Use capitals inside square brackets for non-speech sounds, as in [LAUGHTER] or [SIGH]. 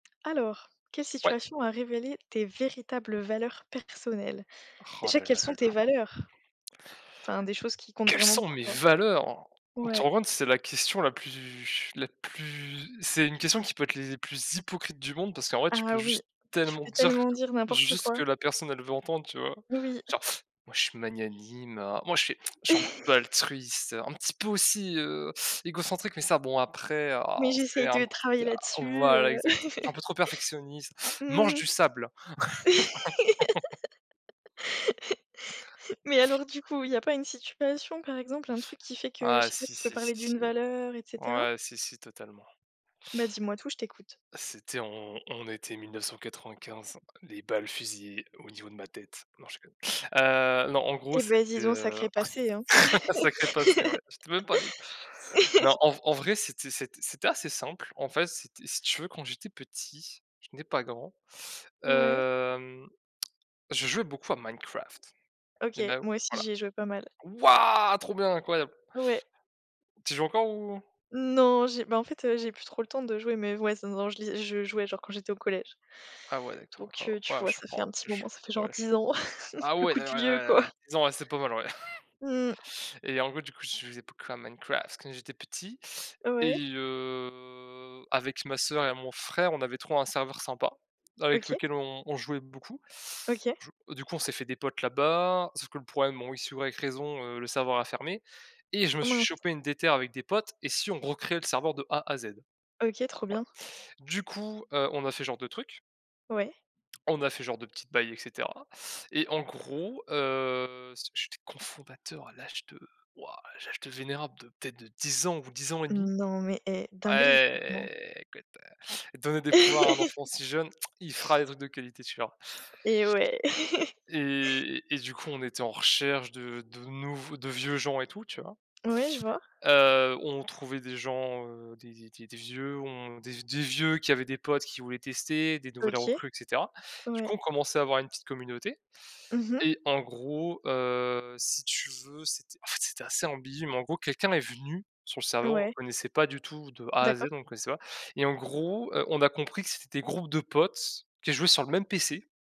Alors: quelle Ouais. situation a révélé tes véritables valeurs personnelles? Roh Déjà là quelles là là sont tes là. valeurs? Enfin des choses qui comptent Quelles vraiment sont pour mes toi? valeurs? Tu t'en Ouais. rends compte que c'est la question la plus la plus c'est une question qui peut être les plus hypocrites du monde parce qu'en fait tu Ah peux oui! juste Tu tellement peux dire, tellement dire n'importe juste ce que quoi. la personne elle veut entendre, tu vois? Oui. Genre: «Moi je suis magnanime oh, moi je suis je suis un petit peu altruiste, un [CHUCKLES] petit peu aussi, heu, égocentrique mais ça bon après Mais ah, j'essaye c'est de un travailler petit à là-dessus, voilà heu exactement, je suis un peu [LAUGHS] trop perfectionniste, mange Mmh. du sable!» [LAUGHS] [LAUGHS] Mais alors du coup, il y a pas une situation par exemple, un truc qui fait que, je Ah sais pas, si, tu peux si, si, parler si. d'une valeur et cetera? Ouais, si, si totalement. Bah dis-moi tout, je t'écoute. «C'était on on était 1995, les balles fusillaient au niveau de ma tête». Non je déconne. Heu, non en gros Eh c'était, beh dis donc, heu sacré passé, hein! [CHUCKLES] un sacré passé, ouais, j'étais même pas né non en v en [LAUGHS] vrai c'était c'était c'était assez simple. En fait c'était si tu veux quand j'étais petit, je n'ai pas grand, Ouais. hem, [CLICKS TONGUE] je jouais beaucoup à Minecraft, OK. you know Moi aussi Voilà. j'y ai joué pas mal. Waouh! Trop bien, incroyable! Ouais. Tu joues encore, ou? Non j'ai bah en fait, heu, j'ai plus trop le temps de jouer, mais ouais, non, non, je li je jouais genre quand j'étais au collège. Ah ouais d'accord, Donc oh heu, tu waouh! vois, Je ça fait prends un petit je suis moment, ça fait genre ouais. 10 ans, [CHUCKLES] Ah le ouais coup de vieux, quoi. d'a disons, ouais, c'est pas mal, ouais. Mmh. [CHUCKLES] Et en gros du coup je jouais beaucoup à Minecraft quand j'étais petit Ouais. et heu, avec ma sœur et mon frère on avait trouvé un serveur sympa avec OK. lequel on on jouait beaucoup. OK. Du du coup on s'est fait des potes là-bas, sauf que le problème bon X ou Y raison, heu, le serveur a fermé et je me Ah suis mince. chopé une déterre avec des potes: «Et si on recréait le serveur de A à Z?» Voilà. OK trop bien. Du coup heu, on a fait ce genre de trucs Ouais. on a fait genre de petites bail et cetera et en gros, heu, si j'étais cofondateur à l'âge de waouh, l'âge de vénérable de peut-être de 10 ans ou 10 ans et demi! Non mais, eh: Ah dinguerie, franchement! é écoute, donnez des pouvoirs à un enfant [LAUGHS] si jeune, [TSK] il fera des trucs de qualité, tu verras. Eh ouais. [LAUGHS] Et et du coup on était en recherche de de nouveaux de vieux gens et tout, tu vois? Ouais je vois. Heu, on trouvait des gens, heu, des des des des vieux on des des vieux qui avaient des potes qui voulaient tester, des nouvelles OK. recrues, et cetera. Du Ouais. coup on commençait à avoir une petite communauté Mmh mh. et en gros heu, si tu veux c'était en fait c'était assez ambigu, mais en gros quelqu'un est venu sur le serveur, on le Ouais. connaissait pas du tout de A à Z, D'accord. on le connaissait pas, et en gros heu, on a compris que c'était des groupes de potes qui jouaient sur le même PC